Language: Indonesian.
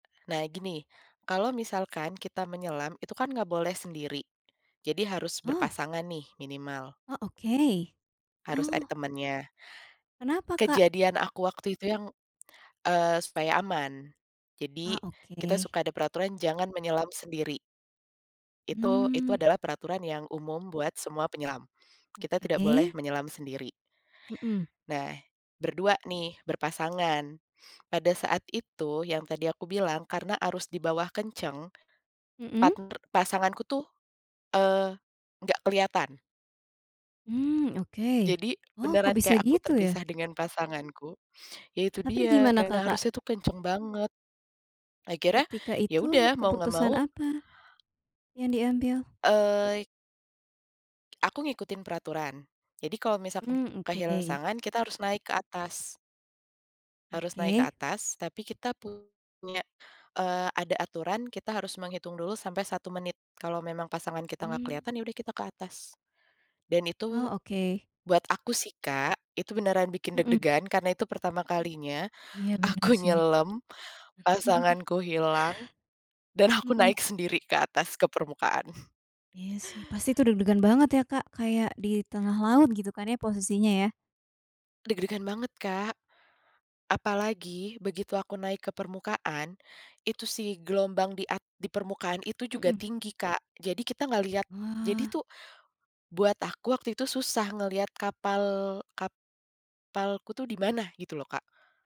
Nah, gini, kalau misalkan kita menyelam, itu kan nggak boleh sendiri. Jadi harus Oh. berpasangan nih minimal. Oh, oke. Harus ada Oh. temennya. Kenapa, Kak? Kejadian aku waktu itu yang, eee, supaya aman, Ah, jadi, kita oke. suka ada peraturan jangan menyelam sendiri. Itu itu Hmm. adalah peraturan yang umum buat semua penyelam. Kita tidak boleh Oke. menyelam sendiri. Mhm. Nah, berdua nih, berpasangan. Pada saat itu yang tadi aku bilang karena arus dibawah kenceng, Mhm. partner pasanganku tuh, eee, nggak keliatan. Mmm, oke. Jadi Oh, kok beneran bisa kayak aku gitu, ya? terpisah dengan pasanganku, ya itu Tapi dia, gimana karena Kakak? arusnya kenceng banget. Akhirnya, Ketika ya itu udah mau nggak keputusan mau. apa, yang diambil? Eee. Aku ngikutin peraturan, jadi kalau misalkan Mmm, kehilangan oke. pasangan, kita harus naik ke atas. Harus naik ke Oke. atas, tapi kita punya, eee, ada aturan kita harus menghitung dulu sampai 1 menit. Kalau memang pasangan kita nggak Hmm. keliatan, ya udah kita ke atas. Dan Oh, itu, oke. buat aku sih, Kak, itu beneran bikin Mhm. deg-degan karena itu pertama kalinya Iya, bener aku sih. nyelem, pasanganku hilang, dan aku Mhm. naik sendiri ke atas ke permukaan. Iya sih, pasti itu deg-degan banget ya, Kak, kayak di tengah laut, gitu kan ya, posisinya, ya? Deg-degan banget, Kak. Apalagi begitu aku naik ke permukaan, itu si gelombang di at di permukaan itu juga Mhm. tinggi, Kak. Jadi kita nggak lihat. Jadi Wah. tuh, buat aku waktu itu susah ngeliat kapal, kapalku tuh di mana, gitu loh, Kak.